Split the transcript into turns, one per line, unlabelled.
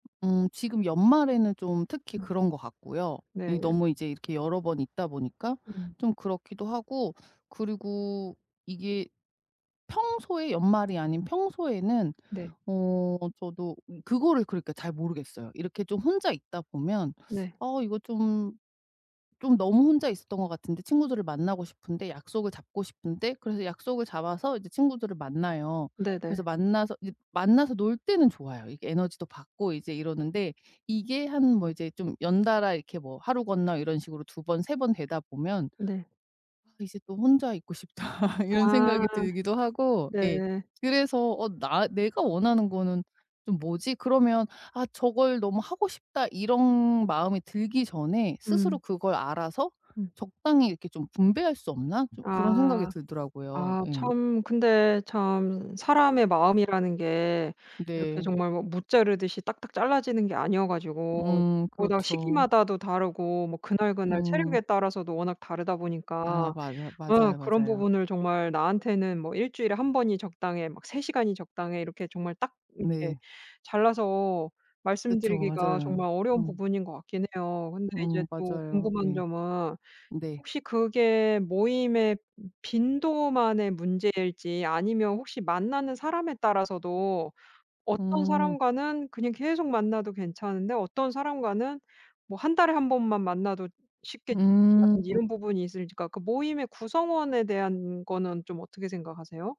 음. 지금 연말에는 좀 특히
음.
그런 것 같고요, 이
네.
너무 이제 이렇게 여러 번 있다 보니까
음.
좀 그렇기도 하고 그리고 이게 평소에 연말이 아닌 평소에는
네.
어 저도 그거를 그러니까 잘 모르겠어요. 이렇게 좀 혼자 있다 보면
네.
'아 이거 좀 좀 너무 혼자 있었던 것 같은데. 친구들을 만나고 싶은데. 약속을 잡고 싶은데.' 그래서 약속을 잡아서 이제 친구들을 만나요. 그래서
네네.
만나서 이제 만나서 놀 때는 좋아요. 이게 에너지도 받고 이제 이러는데 이게 한 뭐 이제 좀 연달아 이렇게 뭐 하루 건너 이런 식으로 2 번 2 번 되다 보면
네.
'아 이제 또 혼자 있고 싶다.' 이런
아.
생각이 들기도 하고,
네.
예. 그래서 "어 '나 내가 원하는 거는 좀 뭐지?' 그러면 '아, 저걸 너무 하고 싶다.' 이런 마음이 들기 전에 스스로
음.
그걸 알아서
음.
적당히 이렇게 좀 분배할 수 없나?" 좀 그런 생각이
아.
들더라고요.
아
예.
참 근데 참 사람의 마음이라는 게 이렇게
네.
정말 뭐 무 자르듯이 딱딱 잘라지는 게 아니어 가지고
음.
보다
그렇죠.
시기마다도 다르고 뭐 그날그날
음.
체력에 따라서도 워낙 다르다
아
보니까
맞아
네
맞아요,
그런
맞아요.
부분을 정말 나한테는 뭐 '일주일에 1 번이 적당해.' 막 '3 시간이 적당해.' 이렇게 정말 딱 이렇게
네.
잘라서
그쵸.
말씀드리기가
맞아요.
정말 어려운
어.
부분인 것 같긴 해요. 근데
어,
이제 또
맞아요.
궁금한
예.
점은
네.
혹시 그게 모임의 빈도만의 문제일지 아니면 혹시 만나는 사람에 따라서도 어떤
음.
사람과는 그냥 계속 만나도 괜찮은데 어떤 사람과는 뭐 1 달에 1 번만 만나도 쉽게 지친다든지
음.
이런 부분이 있을지가 그러니까 모임의 구성원에 대한 거는 좀 어떻게 생각하세요?